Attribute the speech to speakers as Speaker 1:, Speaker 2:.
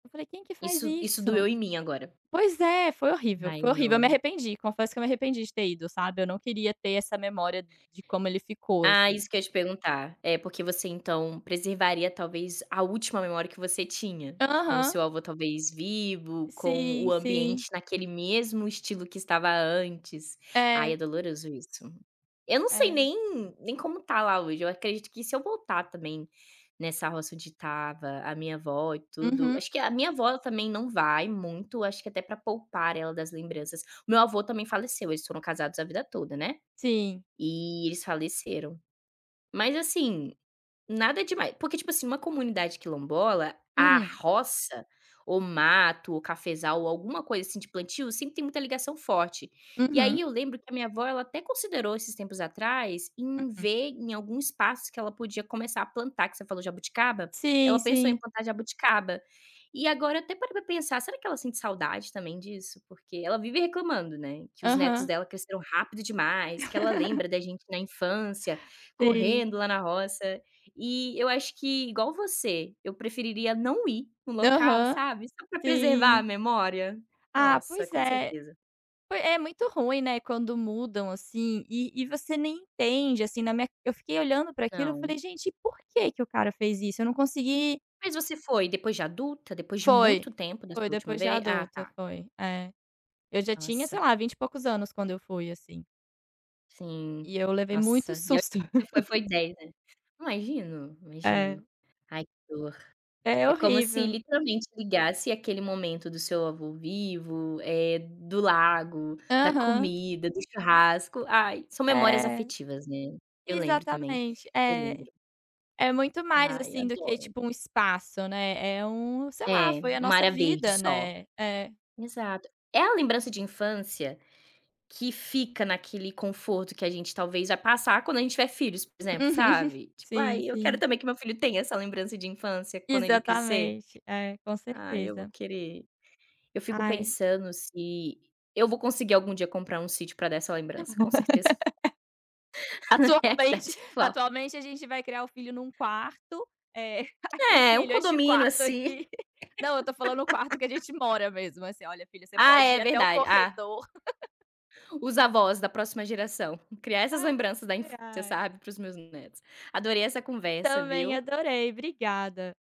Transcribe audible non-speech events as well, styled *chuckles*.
Speaker 1: Eu falei: "Quem que faz
Speaker 2: Isso isso
Speaker 1: isso?".
Speaker 2: doeu em mim agora.
Speaker 1: Pois é, foi horrível,
Speaker 2: Ai
Speaker 1: foi horrível, eu me
Speaker 2: não.
Speaker 1: arrependi, confesso que eu me arrependi de ter ido, sabe, eu não queria ter essa memória de como ele ficou,
Speaker 2: Ah,
Speaker 1: assim.
Speaker 2: isso que eu te perguntar. É, porque você então preservaria, talvez, a última memória que você tinha, com o
Speaker 1: Aham.
Speaker 2: seu avô, talvez, vivo, com o
Speaker 1: Sim,
Speaker 2: ambiente
Speaker 1: sim.
Speaker 2: naquele mesmo estilo que estava antes. Ai,
Speaker 1: É.
Speaker 2: é doloroso isso. Eu não sei
Speaker 1: É.
Speaker 2: nem nem como está lá hoje, eu acredito que se eu voltar também, nessa roça onde estava a minha vó e tudo
Speaker 1: Uhum.
Speaker 2: acho que a minha vó também não vai muito, acho que até para poupar ela das lembranças. O meu avô também faleceu, eles foram casados a vida toda, né.
Speaker 1: Sim.
Speaker 2: E eles faleceram. Mas assim, nada demai porque tipo assim, uma comunidade quilombola, a
Speaker 1: Hum.
Speaker 2: roça, ou mato, ou cafezal, ou alguma coisa assim de plantio, sempre tem muita ligação forte, e
Speaker 1: Uhum.
Speaker 2: aí eu lembro que a minha avó, ela até considerou esses tempos atrás, em
Speaker 1: Hum.
Speaker 2: ver em algum espaço que ela podia começar a plantar, que você falou: "Jabuticaba", ela
Speaker 1: Sim,
Speaker 2: pensou em
Speaker 1: sim.
Speaker 2: plantar jabuticaba. E agora até parei para pensar, "será que ela sente saudade também disso?", porque ela vive reclamando, né, que os netos
Speaker 1: Aham.
Speaker 2: dela cresceram rápido demais, que ela
Speaker 1: *laughs*
Speaker 2: lembra da gente na infância,
Speaker 1: Sim.
Speaker 2: correndo lá na roça, e eu acho que igual você, eu preferiria não ir no local,
Speaker 1: Aham,
Speaker 2: sabe, só para preservar a
Speaker 1: sim.
Speaker 2: memória.
Speaker 1: Ah,
Speaker 2: Nossa,
Speaker 1: pois
Speaker 2: com
Speaker 1: é,
Speaker 2: certeza.
Speaker 1: foi é muito ruim, né, quando mudam assim, e e você nem entende, assim, na minha eu fiquei olhando para aquilo, eu
Speaker 2: Não.
Speaker 1: falei: "Gente, por que que o cara fez isso?", eu não consegui
Speaker 2: Mas você foi depois de adulta, depois de
Speaker 1: Foi,
Speaker 2: muito tempo da sua
Speaker 1: foi
Speaker 2: última
Speaker 1: depois de
Speaker 2: ve Ah,
Speaker 1: adulta,
Speaker 2: tá.
Speaker 1: foi. É. Eu já tinha, sei
Speaker 2: Nossa.
Speaker 1: lá, 20 e poucos anos quando eu fui, assim.
Speaker 2: Sim.
Speaker 1: E eu levei muito
Speaker 2: Nossa, e a
Speaker 1: susto.
Speaker 2: você foi foi
Speaker 1: *laughs*
Speaker 2: 10, ali. Imagino, imagino.
Speaker 1: É.
Speaker 2: Ai que dor.
Speaker 1: É
Speaker 2: É como se,
Speaker 1: horrível.
Speaker 2: literalmente, ligasse aquele momento do seu avô vivo, eh, do lago, da
Speaker 1: Aham.
Speaker 2: comida, do churrasco. Ai, são memórias
Speaker 1: É.
Speaker 2: afetivas, né. Eu lembro também,
Speaker 1: Exatamente,
Speaker 2: eu
Speaker 1: é.
Speaker 2: lembro.
Speaker 1: É muito mais,
Speaker 2: Ai,
Speaker 1: assim, do que,
Speaker 2: adoro.
Speaker 1: tipo, um espaço, né, é um sei
Speaker 2: É,
Speaker 1: lá, foi a
Speaker 2: uma
Speaker 1: nossa
Speaker 2: área verde
Speaker 1: vida,
Speaker 2: só.
Speaker 1: né. É.
Speaker 2: Exato. É a lembrança de infância, que fica naquele conforto que a gente, talvez, vai passar quando a gente tiver filhos, por exemplo,
Speaker 1: *laughs*
Speaker 2: sabe? Tipo
Speaker 1: Sim,
Speaker 2: "ai, eu quero
Speaker 1: sim.
Speaker 2: também que meu filho tenha essa lembrança de infância quando ele crescer".
Speaker 1: Exatamente. É, com
Speaker 2: Ai, eu vou
Speaker 1: certeza.
Speaker 2: querer. Eu fico
Speaker 1: Ai.
Speaker 2: pensando se eu vou conseguir algum dia comprar um sítio para dessa lembrança, com certeza.
Speaker 1: *laughs*
Speaker 2: É a
Speaker 1: Atualmente
Speaker 2: idade atual.
Speaker 1: atualmente a gente vai criar o filho em um quarto, eh, *chuckles* e
Speaker 2: É, um
Speaker 1: "filho, este
Speaker 2: condomínio,
Speaker 1: quarto
Speaker 2: assim.
Speaker 1: aqui" Não, eu estou falando o quarto que a
Speaker 2: *laughs*
Speaker 1: gente mora mesmo, assim, "Olha filho, você
Speaker 2: Ah
Speaker 1: pode
Speaker 2: é,
Speaker 1: ir até o
Speaker 2: verdade, ah.
Speaker 1: corredor". *laughs*
Speaker 2: Os avós da próxima geração, criar essas lembranças da
Speaker 1: Ai,
Speaker 2: infância,
Speaker 1: ai.
Speaker 2: sabe, para os meus netos. Adorei essa conversa,
Speaker 1: Também
Speaker 2: viu.
Speaker 1: adorei, obrigada.